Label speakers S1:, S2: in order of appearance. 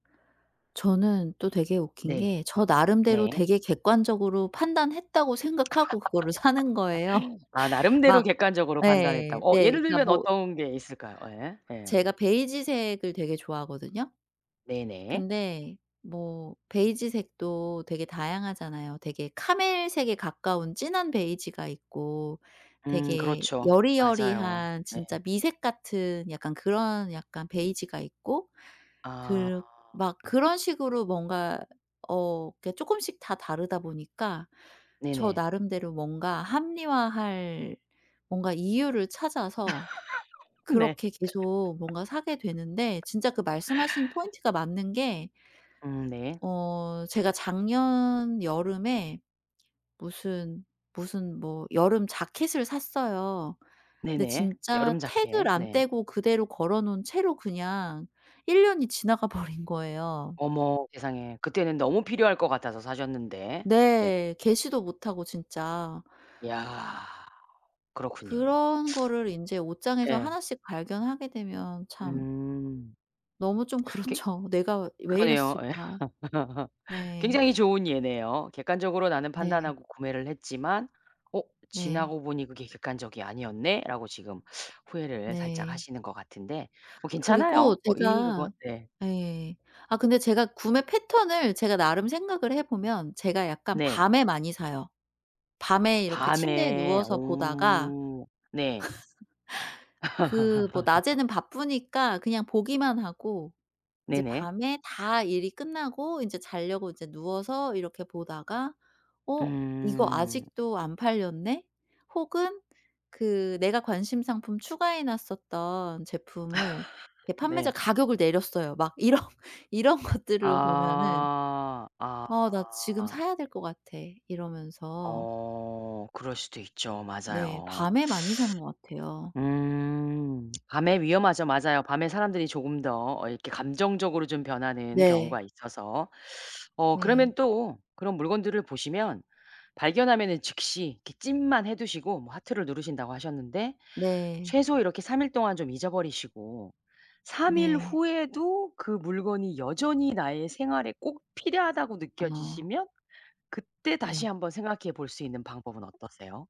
S1: 저는 또 되게 웃긴
S2: 네.
S1: 게 저 나름대로
S2: 네.
S1: 되게 객관적으로 판단했다고 생각하고 그거를 사는 거예요.
S2: 아 나름대로
S1: 막
S2: 객관적으로
S1: 예.
S2: 판단했다고. 어
S1: 네
S2: 예를
S1: 그러니까
S2: 들면
S1: 뭐
S2: 어떤 게 있을까요? 예. 예.
S1: 제가 베이지색을 되게 좋아하거든요.
S2: 네네.
S1: 근데 뭐 베이지색도 되게 다양하잖아요. 되게 카멜색에 가까운 진한 베이지가 있고
S2: 음.
S1: 되게
S2: 그렇죠. 맞아요.
S1: 여리여리한
S2: 네.
S1: 진짜 미색 같은 약간 그런 약간 베이지가 있고
S2: 아.
S1: 그르 막 그런 식으로 뭔가 어 그게 쪼끔씩 다 다르다 보니까 저
S2: 네네.
S1: 나름대로 뭔가 합리화할 뭔가 이유를 찾아서
S2: 네.
S1: 그렇게 계속 뭔가 사게 되는데 진짜 그 말씀 하신 포인트가 맞는 게
S2: 음. 네.
S1: 어. 제가 작년 여름에 무슨, 무슨 뭐 여름 재킷을 샀어요. 근데
S2: 네네.
S1: 진짜
S2: 여름
S1: 태그를
S2: 재킷.
S1: 안
S2: 네.
S1: 떼고 그대로 걸어 놓은 채로 그냥 1 년이 지나가 버린 거예요.
S2: 어머 세상에, 그때는 너무 필요할 것 같아서 사셨는데. 네.
S1: 네. 개시도 못하고 진짜.
S2: 야. 그렇군요.
S1: 그런 거를 인제 옷장에서
S2: 예.
S1: 하나씩 발견하게 되면 참
S2: 음.
S1: 너무 좀
S2: 괴
S1: 그렇죠. '내가 왜
S2: 그러네요. 예.
S1: 이랬을까?' 네.
S2: 굉장히 좋은 예네요. '객관적으로 나는
S1: 네.
S2: 판단하고 구매를 했지만 어
S1: 네.
S2: 지나고 보니 그게 객관적이 아니었네?'라고 지금 후회를 살짝
S1: 네.
S2: 하시는 것 같은데 뭐
S1: 그리고
S2: 괜찮아요. 어 이미 그거
S1: 제가
S2: 네.
S1: 예. 아 근데 제가 구매 패턴을 제가 나름 생각을 해 보면 제가 약간
S2: 네.
S1: 밤에 많이 사요. 밤에 이렇게 침대에
S2: 밤에.
S1: 누워서 보다가
S2: 오. 네.
S1: 그 뭐 낮에는 바쁘니까 그냥 보기만 하고 이제
S2: 네네.
S1: 밤에 다 일이 끝나고 인제 자려고 인제 누워서 이렇게 보다가 '어 이거
S2: 음.
S1: 아직도 안 팔렸네?' 혹은 그 내가 관심 상품 추가해 놨었던 제품을 이게 판매자
S2: 네.
S1: 가격을 내렸어요. 막 이런 이런 것들을 보면은
S2: 아. 아.
S1: '어 나 지금 사야 될 것 같아.' 이러면서
S2: 어. 그럴 수도 있죠.
S1: 네.
S2: 맞아요.
S1: 밤에 많이 사는 것 같아요.
S2: 음. 밤에 위험하죠. 맞아요. 밤에 사람들이 조금 더 이렇게 감정적으로 좀 변하는
S1: 네.
S2: 경우가 있어서. 어
S1: 네.
S2: 그러면 또 그런 물건들을 보시면 발견하면은 즉시 이렇게 찜만 해 두시고 뭐 하트를 누르신다고 하셨는데
S1: 네.
S2: 최소 이렇게 3 일 동안 좀 잊어버리시고 3 일
S1: 네.
S2: 후에도 그 물건이 여전히 나의 생활에 꼭 필요하다고
S1: 아.
S2: 느껴지시면 그때 다시
S1: 네.
S2: 한번 생각해 볼 수 있는 방법은 어떠세요?